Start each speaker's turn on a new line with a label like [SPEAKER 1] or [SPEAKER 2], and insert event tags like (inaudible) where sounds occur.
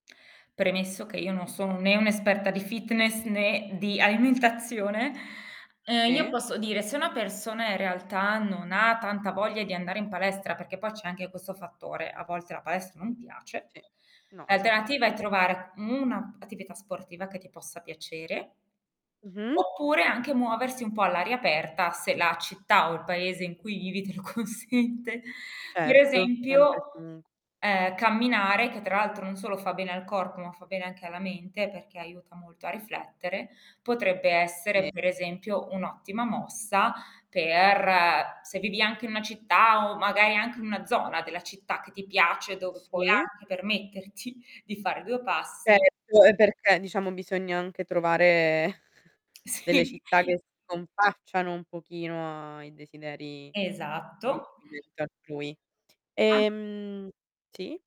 [SPEAKER 1] Premesso che io non sono né un'esperta di fitness né di alimentazione, uhm, io
[SPEAKER 2] Sì.
[SPEAKER 1] posso dire se una persona in realtà, non ha tanta voglia di andare in palestra, perché poi c'è anche questo fattore, a volte la palestra
[SPEAKER 2] Mh,
[SPEAKER 1] non piace,
[SPEAKER 2] sì no, mai
[SPEAKER 1] l'alternativa è
[SPEAKER 2] fatto.
[SPEAKER 1] trovare u una p attività sportiva che ti possa piacere
[SPEAKER 2] Mh-mh.
[SPEAKER 1] oppure anche muoversi un po' all'aria aperta, se la città o il paese in cui vivi te lo consente. Per
[SPEAKER 2] Certo, sempre
[SPEAKER 1] esempio:
[SPEAKER 2] e comunque.
[SPEAKER 1] ehm, camminare, che tra l'altro non solo fa bene al corpo, ma fa bene anche alla mente, perché aiuta molto a riflettere, potrebbe essere
[SPEAKER 2] Sì.
[SPEAKER 1] per esempio, un'ottima mossa per se vivi anche in una città o magari anche in una zona della città che ti piace dove puoi
[SPEAKER 2] Sì.
[SPEAKER 1] anche permetterti di fare 2 passi
[SPEAKER 2] Certo, e perché diciamo bisogna anche trovare (chuckles) delle
[SPEAKER 1] Sì.
[SPEAKER 2] città che si confacciano un pochino ai desideri di
[SPEAKER 1] Esatto.
[SPEAKER 2] (unintelligible) altrui.
[SPEAKER 1] As
[SPEAKER 2] Ehm sì.